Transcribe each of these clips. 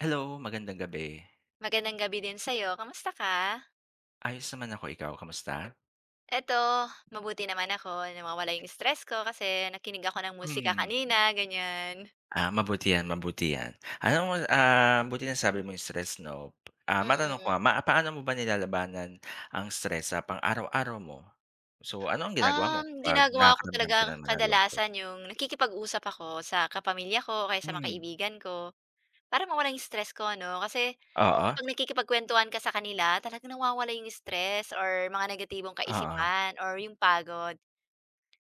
Hello, magandang gabi. Magandang gabi din sayo kamusta ka? Ayos naman ako, ikaw kamusta? Ito mabuti naman ako na nawawala yung stress ko kasi nakinig ako ng musika Mm. kanina, ganyan. Ah, mabuti yan, mabuti yan. Alam mo, ah, mabuti nasabi Mhm. mo yung stress 'no, ah, matanong ko Mm. nga. Ma paano mo ba nilalabanan ang stress sa pang araw-araw mo? So, ano ang ginagawa mo Um, kapag ginagawa ko nakakaramdam ka talaga nanaman ng lungkot? kadalasan yung nakikipag-usap ako sa kapamilya ko o kaya sa mga Mm. kaibigan ko. Para mawala yung stress ko 'no, kasi Oo. kapag nakikipagkwentuhan ka sa kanila talaga nawawala yung stress or mga negatibong Oo. kaisipan or yung pagod.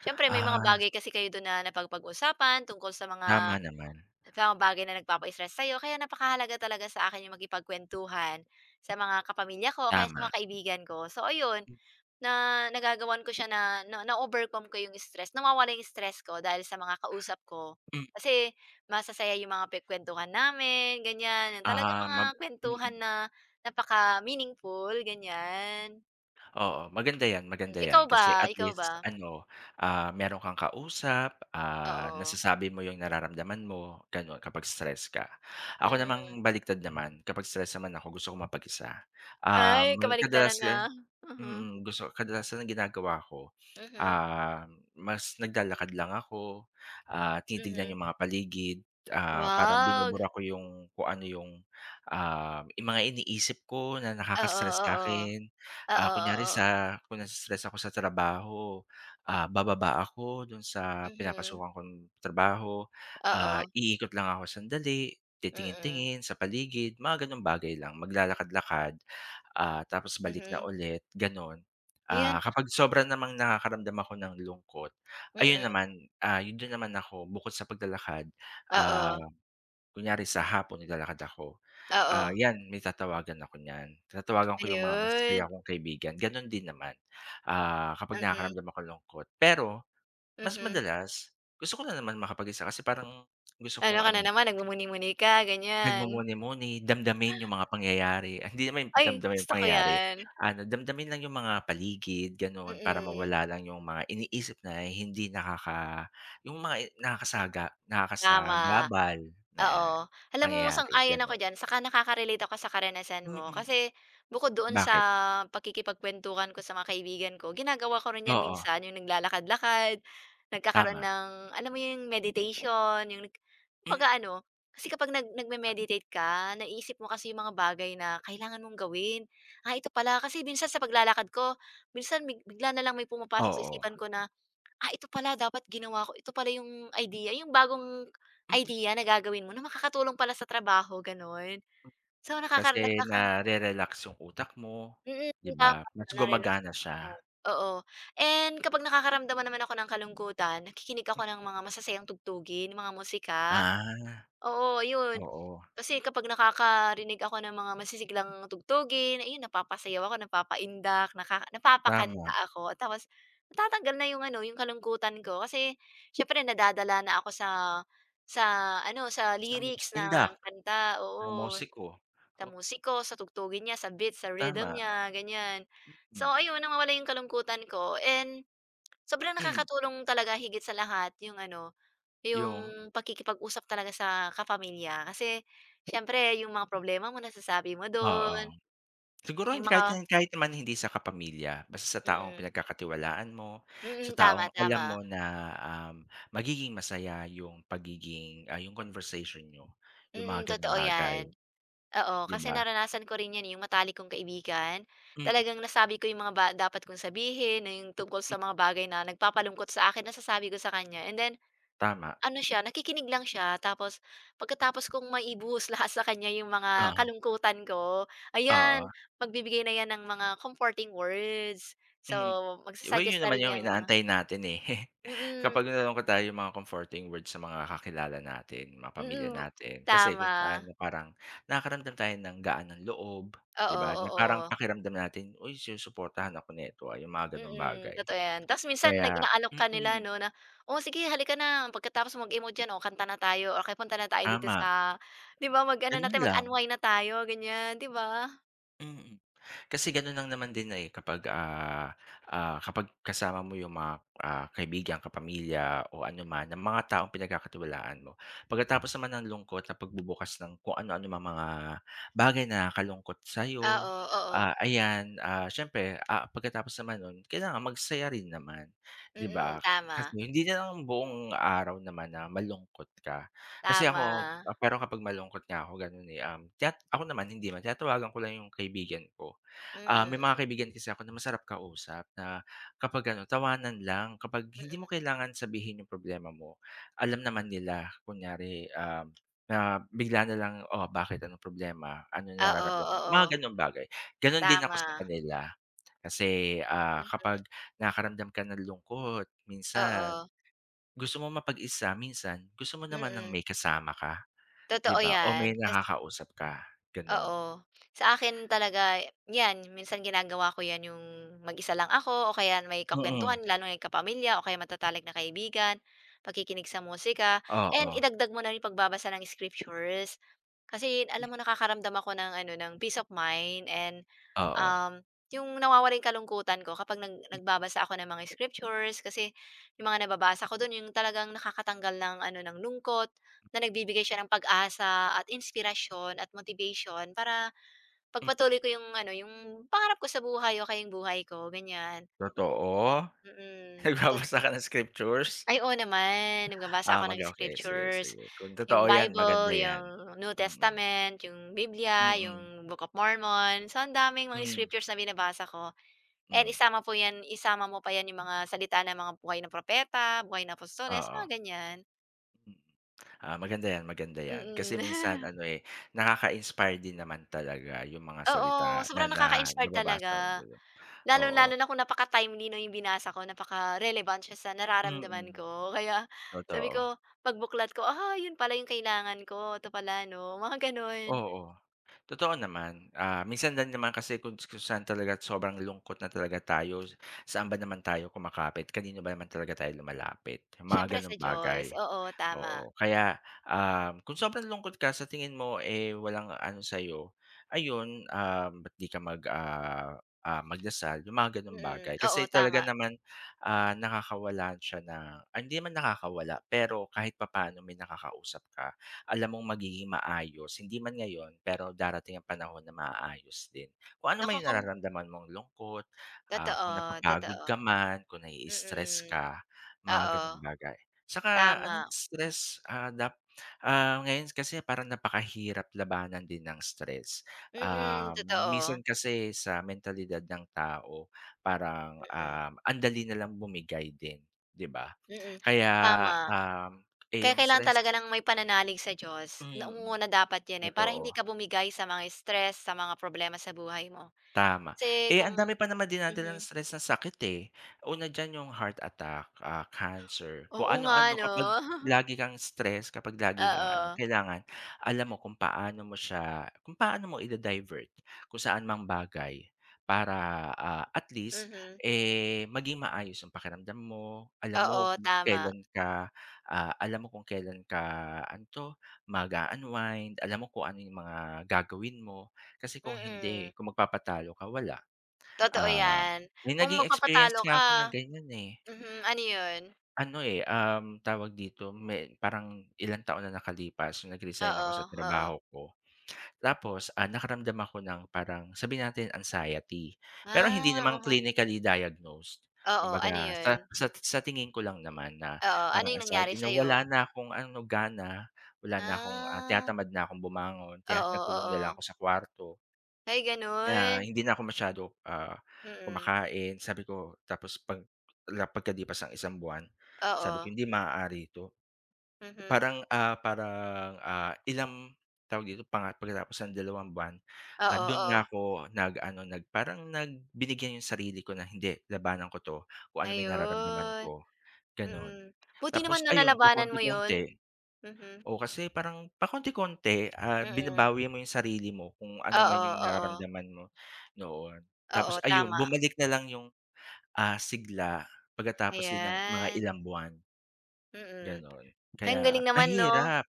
Siyempre may mga Ah. bagay kasi kayo do'n na napapag-usapan tungkol sa mga, Tama naman. sa mga bagay na nagpapa-stress sayo kaya napakahalaga talaga sa akin yung makipagkwentuhan sa mga kapamilya ko o kaya sa Tama. mga kaibigan ko. So, ayun Hmm. na nagagawan ko siya na na na-overcome ko yung stress, nawawala yung stress ko dahil sa mga kausap ko Hmm. kasi masasaya yung mga pinag-kwentuhan namin, ganyan. Yung talagang Ah, ma mga kwentuhan mm. na napaka meaningful, ganyan. Oo, maganda yan, maganda Ikaw yan kasi ba? at Ikaw least ba? ano, ah, meron kang kausap, ah, Oo. nasasabi mo yung nararamdaman mo ganon kapag stress ka. Ako Mm. namang baliktad naman kapag stress naman ako gusto kong mapag-isa. Um, Ay well kabaligtaran, kadalasan ah, mhm. mm, gusto kadalasan ang ginagawa ko, Mhm. um, mas naglalakad lang ako, ah, tinitignan Mhm. yung mga paligid, ah, parang Wag. binubura ko yung kung ano yung uhm yung mga iniisip ko na Oo nakaka-stress oo, sa'kin, ah, oo, kunyari oo. sa kung naii-stress ako sa trabaho, ah, bababa ako dun sa Mhm. pinapasukan kong trabaho, ah, Oo. iikot lang ako, sandali titingin Mm. tingin sa paligid mga ganong bagay lang, maglalakad-lakad, ah, tapos balik na Mhm. ulit ganon. Ah, Ayan. kapag sobra namang nakakaramdam ako ng lungkot, ayun Mm. naman, ah, yun din naman naman ako, bukod sa paglalakad, ah, Oo. kunyari sa hapon naglalakad ako, ah, Oo. yan may tatawagan ako niyan. Tatawagan ko yung mga Ayun. masasaya kong kaibigan ganun din naman, ah, kapag Mhm. nakakaramdam akong lungkot pero mas Mhm. madalas gusto ko nanaman makapag-isa kasi parang gusto Ano kong ka ano na naman, nagmumuni-muni ka, ganyan. Nagmumuni-muni, damdamin yung mga pangyayari, ay hindi naman Ay, damdamin yung gusto ko pangyayari. 'yan. Ano, damdamin lang yung mga paligid ganon para Mm. mawala lang yung mga iniisip na hindi nakaka yung mga nakasaga Tama, nakasagabal na oo, alam mo pangyayari, sang-ayon ako ganon. diyan. Tsaka nakakarelate ako sa karanasan mo, Mm. kasi bukod doon sa Bakit? pakikipagkwentuhan ko sa mga kaibigan ko, ginagawa ko rin 'yan Oo. minsan. Yung naglalakad-lakad nagkakaroon Tama. ng, alam mo,' yung meditation, yung nag Mm. pag-aano kasi kapag nag nagme-meditate ka, naisip mo kasi yung mga bagay na kailangan mong gawin, ah, ito pala kasi minsan sa paglalakad ko, minsan big bigla na lang may pumapasok sa Oo. isipan ko na, ah, ito pala dapat ginawa ko. Ito pala yung idea, yung bagong Mm. idea na gagawin mo na makakatulong pala sa trabaho ganon. So nakaka Kasi nagkaka. nare-relax yung utak mo. Mm, 'Di ba, tama mas nare-relax yung gumagana utak mo, siya. oo. And kapag nakakaramdaman naman ako ng kalungkutan, nakikinig Mm. ako ng mga masasayang tugtugin, 'yung mga musika. Ah. Oo ayun, Oo. kasi kapag nakakarinig ako ng mga masisiglang tugtugin, ayun napapasayaw ako, napapaindak, naka Tama. napapakanta ako. Tapos natatanggal na yung ano, yung kalungkutan ko, kasi siyempre nadadala na ako sa sa ano, sa Sa lyrics [unintelligible] indak, ng kanta. ng Oo, musiko. sa oh. musiko, sa tugtugin niya, sa beats, sa rhythm Tama. niya, ganyan. So Mm. ayun, nawawala yung kalungkutan ko. And sobrang Mm. nakakatulong talaga higit sa lahat yung ano, 'Yung? yung pakikipag-usap talaga sa kapamilya, kasi siyempre yung mga problema mo nasasabi mo Oo. dun. Siguro Yung hindi kahit mga kahit naman hindi sa kapamilya. Basta sa taong Mm. pinagkakatiwalaan mo, sa Mm, tama, taong alam tama. mo na, um, magiging masaya yung pagiging ah, yung conversation niyo, 'yung Mm mga ganong totoo bagay. yan, oo, 'Di kasi ba. naranasan ko rin yan eh yung matalik kong kaibigan, Mm. talagang nasabi ko yung mga ba dapat kong sabihin na yung tungkol Mm. sa mga bagay na nagpapalungkot sa akin, nasasabi ko sa kanya. And then, Tama. ano siya nakikinig lang siya. Tapos pagkatapos kong maibuhos lahat sa kanya yung mga Ah. kalungkutan ko, Oo. ayan magbibigay na 'yan ng mga comforting words. So Mm. 'Di ba yun magsa-suggest na naman rin yung 'yang mga inaantay natin eh. Mm. Kapag nalulungkot tayo 'yung mga comforting words sa mga kakilala natin, mga pamilya Mm bu natin kasi kung tama. paano parang nakakaramdam tayo ng gaan ng loob, 'di Oo, ba, na parang oo. pakiramdam natin, "Uy sinusuportahan ako nito ah." Yung mga ganong Mm bagay. totoo yan. Ta's minsan nag Kaya inaalok ka nila mm. 'no na, "O, sige halika na pagkatapos mo mag-emote diyan, o kanta na tayo, o kaya punta na tayo dito Tama. sa" 'Di ba mag-ano na Ganun tayo. lang. Mag-unwind na tayo, ganyan. 'Di ba? Mm, kasi gaon'n lang naman din, eh, kapag, ah, ah, kapag kasama mo yung mga, ah, kaibigan, kapamilya o anoman ng mga taong pinagkakatiwalaan mo. Pagkatapos naman nang lungkot na pagbubukas ng kung anu-anong mga bagay na nakakalungkot Ah, sa'yo, o, oo. ah, ayan, ah, siyempre, ah, pagkatapos naman no'n, kailangan magsaya rin naman, 'di ba? Mm, Kasi tama. hindi na lang buong araw naman na malungkot ka. Kasi ako Tama. pero kapag malungkot nga ako gano'n, eh, um, chat ako naman, hindi naman. Tinatawagan ko lang yung kaibigan ko. Ah, may mga Mm. kaibigan kasi ako na masarap kausap na kapag ano, tawanan lang. Kapag hindi mo Mm. kailangan sabihin yung problema mo, alam naman nila kunyari, ah, na bigla na lang, "O, bakit anong problema? Ano Oo, nararamdaman?" mga oo. gano'ng bagay. Gano'n din ako sa Tama. kanila, kasi, ah, kapag Mhm. nakakaramdam ka ng lungkot, minsan Oo. gusto mo mapag-isa, minsan gusto mo naman ng Mm. may kasama ka 'di Totoo ba, o may 'yan. Kasi nakakausap ka, gano'n. Oo. Sa akin talaga 'yan minsan ginagawa ko 'yan, yung mag-isa lang ako o kaya may Mm. kakuwentuhan lalo na yung kapamilya o kaya matatalik na kaibigan, pakikinig sa musika and Oo. idagdag mo na yung pagbabasa ng scriptures. Kasi Hmm. alam mo, nakakaramdam ako ng ano, ng peace of mind and Oo. um, yung nawawala yung kalungkutan ko kapag nag Hmm. nagbabasa ako ng mga scriptures kasi yung mga nababasa ko do'n, yung talagang nakakatanggal ng ano, ng lungkot, na nagbibigay siya ng pag-asa at inspirasyon at motivation para Hmm. ipagpatuloy ko yung ano, yung pangarap ko sa buhay o kaya yung buhay ko, ganyan. Totoo? Mm, to Nagbabasa ka ng scriptures? Ay, oo naman. Ah, Nagbabasa ako mag ng okey. Sige, scriptures, sige, kung yung totoo 'yan, maganda Bible, 'yan, yung New mm. Testament, yung Biblia, Mm. yung Book of Mormon, so ang daming mga Hmm. scriptures na binabasa ko and Hmm. isama po 'yan isama mo pa 'yan, yung mga salita ng mga buhay ng propeta, buhay ng apostoles, mga Oo. ganyan. Mm. Ah, maganda 'yan maganda 'yan. Kasi minsan Mm. ano, eh, nakaka-inspire din naman talaga 'yong mga Oo, salita na sobrang na nakaka-inspire nababasa hun talaga. dulo, oo. Lalong-lalo na kung napaka-timely, 'no, 'yong binasa ko napaka-relevant siya sa nararamdaman Mm, ko, kaya sabi totoo. ko pagbuklat ko. "Ah, 'yon pala 'yong kailangan ko, 'to pala, 'no?" Mga gano'n. Oo. Totoo naman, ah, minsan din naman kasi kuns kung saan talaga sobrang lungkot na talaga tayo s saan ba naman tayo kumakapit? Kanino ba naman talaga tayo lumalapit? Yung mga Siyempre ganung sa bagay. Diyos. Oo, tama. Oo kaya, uhm, kung sobrang lungkot ka sa tingin mo, eh, walang ano sayo ayun, ah, ba't di ka mag ah ah, magdasal yung mga ganong bagay. Mm. Kasi Oo, talaga tama. naman, ah, nakakawalan siya ng ay hindi naman nakakawala, pero kahit papaano may nakakausap ka. Alam mong magiging maayos hindi man ngayon, pero darating ang panahon na maaayos din. Kung ano man yung Nakokom. nararamdaman mong lungkot, ah, kung Totoo, napapagod totoo. ka man kung nai-stress Mm, ka oo. mga ganung bagay. Saka anong Tama. stress, ah, dap ah, ngayon kasi parang napakahirap labanan din ng stress, Mm, ah totoo. minsan kasi sa mentalidad ng tao parang, Mm. uhm, andali na lang bumigay din, di ba? Mm, Kaya, tama. uhm, eh, Kaya yung kailangan stress talaga ng may pananalig sa Diyos. Mm, Nangunguna dapat 'yan, eh, para hindi totoo. ka bumigay sa mga stress, sa mga problema sa buhay mo. Tama. Kasi Eh, ang kung dami pa naman dinadalang mhm. stress ng sakit, eh. Una diyan yung heart attack, ah, cancer kung Oo nga, ano-ano 'no? kapag lagi kang stress kapag lagi kang ano Oo. kailangan alam mo kung paano mo siya kung paano mo i-da-divert kung saan mang bagay para, ah, at least, Mhm. eh, maging maayos yung pakiramdam mo, alam mo Oo, kung tama. kelan ka, ah alam mo kung kelan ka ano to mag-u-unwind, alam mo kung ano yung mga gagawin mo kasi kung Mm. hindi kung magpapatalo ka, wala. Totoo Ah, 'yan. may Kung naging experience magpapatalo nga ako na ka ganyan, eh. mhm. Ano 'yon? Ano, eh, uhm, tawag dito may parang ilang taon na nakalipas nung nag-resign ako Oo, sa oo. trabaho ko tapos, ah, nakaramdam ako ng parang sabihin natin anxiety pero Ah, hindi naman mhm. clinically diagnosed. Oo, ano Kumbaga sa 'yon? sat sa tingin ko lang naman na Oo. Ano parang 'yong nangyari anxiety na, wala sa'yo? na akong ano gana, wala na akong, ah, Ah. tinatamad na akong bumangon kaya Oo, nagkulong na lang oo. ako sa kwarto. Ay, Kaya, ah, gano'n. hindi na ako masyado, ah, Mm. kumakain sabi ko tapos 'pag la pagkalipas ng isang buwan sabi ko, Oo. "Hindi maaari ito." Mhm. Parang, ah, parang, ah, ilang, tawag dito panga pagkatapos ng dalawang buwan, ah, Oo, do'n na oo. ako nag-ano nag parang nag binigyan yung sarili ko na, "Hindi labanan ko 'to kung ano man 'yon nararamdaman Ayon, ko," gano'n. mm, buti Tapos naman no ayun, nalabanan mo 'yon. pakonti-konti, Mhm. oo. Kasi parang pakonti-konti, ah, Mm. binabawi mo yung sarili mo kung ano man Oo, yung oo. nararamdaman mo, noon. Tapos Oo, ayon, tama bumalik na lang yung, ah, sigla, pagkatapos din ng mga Ayan. ilang buwan. Mm, Gano'n, ang kaya, galing naman 'no. mahirap,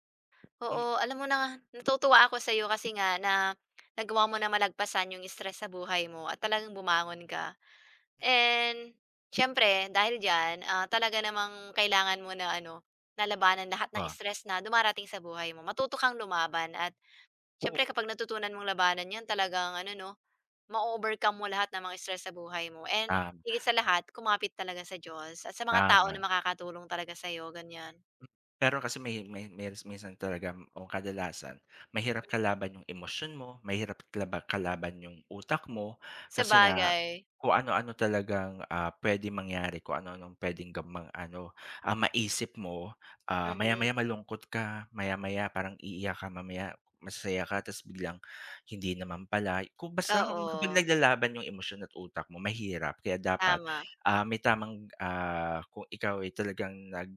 m Oo, alam mo na, natutuwa ako sa'yo kasi nga, na nagawa mo na malagpasan yung stress sa buhay mo at talagang bumangon ka. And siyempre, dahil diyan, ah, talaga namang kailangan mo na ano, na labanan lahat ng Oo. stress na dumarating sa buhay mo, matuto kang lumaban at siyempre Oo. kapag natutunan mong labanan yan talaga ang ano 'no, ma-o-overcome mo lahat ng mga stress sa buhay mo. And Um. higit sa lahat, kumapit talaga sa Diyos at sa mga tao na Tama. makakatulong talaga sa'yo, ganyan. Hmm. Pero kasi may may mils minsan talaga, ang kadalasan mahirap kalaban yung emosyon mo, mahirap kalaba kalaban yung utak mo, kasi nga Sabagay. kung ano-ano talagang, ah, pwede mangyari. Kung ano-anong pwedeng gamang ano, ah, maisip mo, ah, Mhm. maya-maya malungkot ka, maya-maya parang iiyak ka mamaya, masaya ka tas biglang, hindi naman pala. Kung basta, kapag Oo. naglalaban yung emosyon at utak mo mahirap kaya dapat, Tama. ah, may tamang ah, kung ikaw ay talagang nag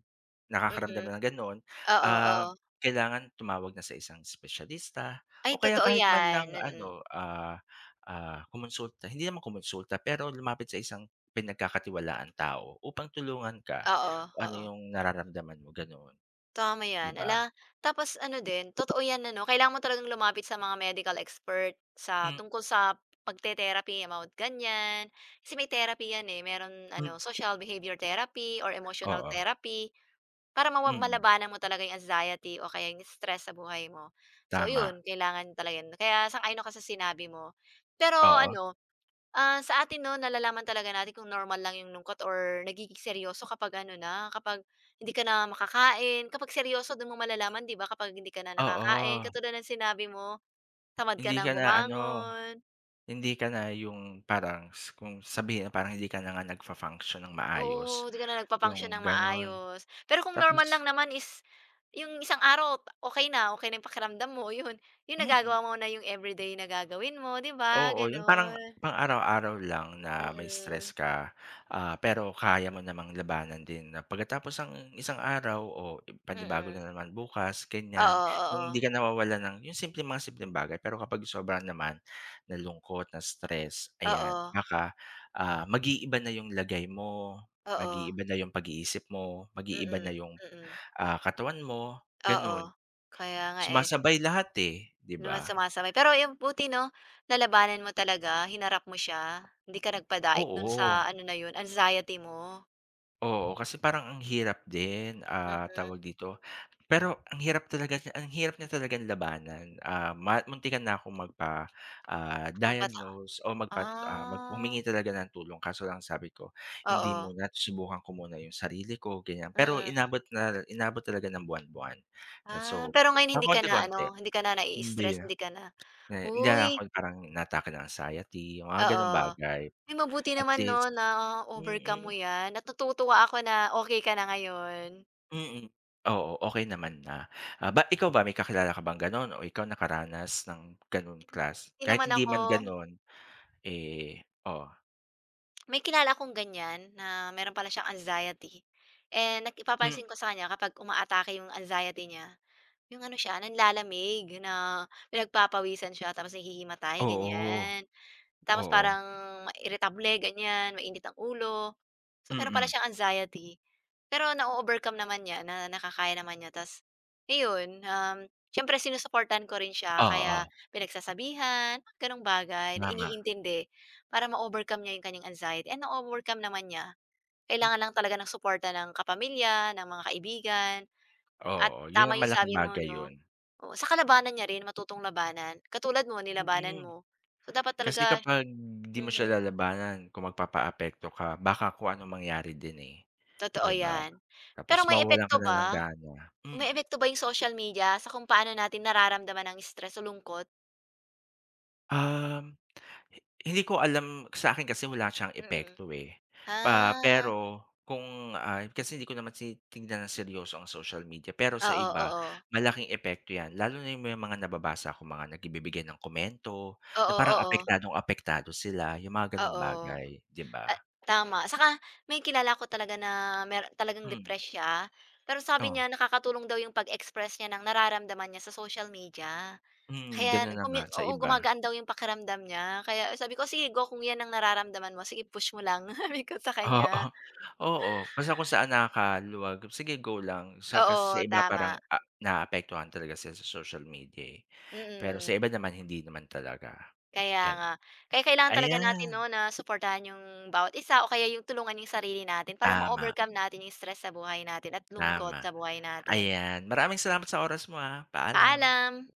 nakakaramdam Mhm. na ng gano'n Oo, uhm oo. kailangan tumawag na sa isang espesyalista Ay o kaya totoo kahit man lang yan, mm. ano, ah, ah, kumonsulta, hindi naman kumonsulta pero lumapit sa isang pinagkakatiwalaan tao upang tulungan ka, Oo, kung ano oo. yung nararamdaman mo gano'n. Tama 'Di yan, ba? 'ala, tapos ano din totoo 'yan ano, kailangan mo talagang lumapit sa mga medical expert, sa Hmm. tungkol sa pagte-therapy about ganyan. Kasi may therapy 'yan, eh, meron Hmm. ano social behavior therapy or emotional Oo. therapy, para mawa Mm. malabanan mo talaga yung anxiety o kaya yung stress sa buhay mo. So Tama. 'yon, kailangan talaga no'n, kaya sang-ayon ako sa sinabi mo. Pero Oo. ano, ah, sa atin no nalalaman talaga natin kung normal lang yung lungkot or nagiging seryoso kapag ano na, kapag hindi ka na makakain, kapag seryoso do'n mo malalaman 'di ba, kapag hindi ka na nakakain Oo. katulad ng sinabi mo, tamad ka Hindi ng ka na-ano, bumangon. hindi ka na yung parang s kung sabihin na parang hindi ka na nga nagfu-function ng maayos, Oo, 'di ka na yung nagfu-function ng gano'n, maayos. Pero kung normal tapos lang naman is, yung isang araw okey na, okey na yung pakiramdam mo, 'yon. 'Yong nagagawa Mm. mo na yung everyday na gagawin mo, 'di ba? Oo, yung parang Gano'n. pang-araw-araw lang na may stress Mm. ka, ah, pero kaya mo namang labanan din na pagkatapos ang isang araw o panibago Mm. na naman bukas, ganyan. Oo, Yung oo. di ka nawawalan ng yung simpleng mga simpleng bagay pero kapag sobrahan naman na lungkot, na stress, ayan Oo. baka, ah, mag-iiba na yung lagay mo, Oo. mag-iiba na yung pag-iisip mo, mag-iiba na Mm, yung, mm. ah, katawan mo, Oo, gano'n. kaya nga eh. Sumasabay lahat eh di Numa ba? sumasabay, pero 'yon buti 'no, nalabanan mo talaga hinarap mo siya, hindi ka nagpadaig do'n sa Oo. ano na 'yon anxiety mo. Oo. Kasi, parang ang hirap din, ah, Siyempre. tawag dito, pero, ang hirap talaga niya ang hirap niya talagang labanan, ah, ma muntikan na akong magpa ah, Magpasa diagnose o magpa ah, mag Ah. humingi ng tulong. Kaso lang sabi ko, "Hindi Oo. muna, susubukan ko muna 'yong sarili ko," ganyan. Pero, Mm. inabot na inabot talaga ng buwan-buwan. 'Yan, Ah. so, Pero, ngayon pa hindi ka na konti-konti ano, hindi ka na hindi. naii-stress, hindi ka na Na hindi na ako uy. 'yong parang inaatake ng anxiety, 'yong mga gano'ng Oo. bagay. Uy, mabuti At naman, least 'no, na-overcome mo mm. 'yan at natutuwa ako na, okay ka na ngayon. Mm. Oo, okay naman na. Ah, ba't ikaw ba, may kakilala ka bang gano'n o ikaw, nakaranas ng gano'n klas Hindi Kahit naman hindi man ako gano'n, eh, o? May kilala akong ganyan, na meron pala siyang anxiety. Eh, naki Hmm. nagpapansin ko sa kanya kapag umaatake 'yong anxiety niya, 'yong ano siya, nanlalamig na pinagpapawisan siya, tapos nahihimatay, Oo. ganyan. Tapos Oo. parang, ma iritable, ganyan, mainit ang ulo. So, meron pala Mm. siyang anxiety, pero na-o-overcome naman niya, na nakakaya naman niya. Tapos, iyon, um, siyempre sinusuportahan ko rin siya, kaya Oo. pinagsasabihan, gano'ng bagay, na Tama. iniintindi para ma-overcome niya 'yong kanyang anxiety and na-overcome naman niya. Hmm. Kailangan lang talaga ng suporta ng kapamilya, ng mga kaibigan, at Oo. 'Yon tama ang 'yong malaking sabi mo, bagay 'no. 'yon. Oo, saka labanan niya rin, matutong labanan, katulad mo nilabanan Mm. mo. So, dapat Kasi talaga kapag, 'di mo siya mhm. lalabanan, kung magpapaapekto ka, baka kung anong mangyari din, eh, Totoo 'di ba? yan. Tapos Pero, may mawawalan ka epekto na ng ba? gana. Hmm? Umeepekto ba 'yong social media sa kung paano natin nararamdaman ang stress o lungkot? Um, hi hindi ko alam, sa'kin kasi wala siyang Mm. epekto, eh. Pa Ah. pero kung ay kasi hindi ko naman tinignan ng seryoso ang social media, pero sa Oo, iba, oo. malaking epekto 'yan. Lalo na 'yong may mga nababasa akong mga nagibibigay ng komento, na Oo, parang oo. apektadong-apektado sila, 'yong mga gano'ng Oo. bagay, 'di A ba? tama, saka may kilala ako talaga na mayr talagang Hmm. depressed siya. Pero, sabi O? niya nakakatulong daw 'yong pag-express niya ng nararamdaman niya sa social media. Mm. Kaya, Gano'n na nga, nag-comme sa oo, iba. gumagaan daw 'yong pakiramdam niya, kaya sabi ko, "Sige go, kung 'yan ang nararamdaman mo, sige push mo lang," sabi ko sa Oo. kanya. Pa nga Oo, basta kung saan nakakaluwag, sige go lang sa kasi sa Oo, iba parang, tama. a naapektuhan talaga sila sa social media, eh. Pero sa Mm. iba naman, hindi naman talaga, Kaya gano'n. nga. Kaya kailangan talaga natin, Ayan. 'no, na suportahan 'yong bawat isa o kaya 'yong, tulungan 'yong sarili natin. Para Tama. ma-overcome natin 'yong stress sa buhay natin at lungkot Tama. sa buhay natin. Ayan, maraming salamat sa oras mo, ah. Paalam. Paalam.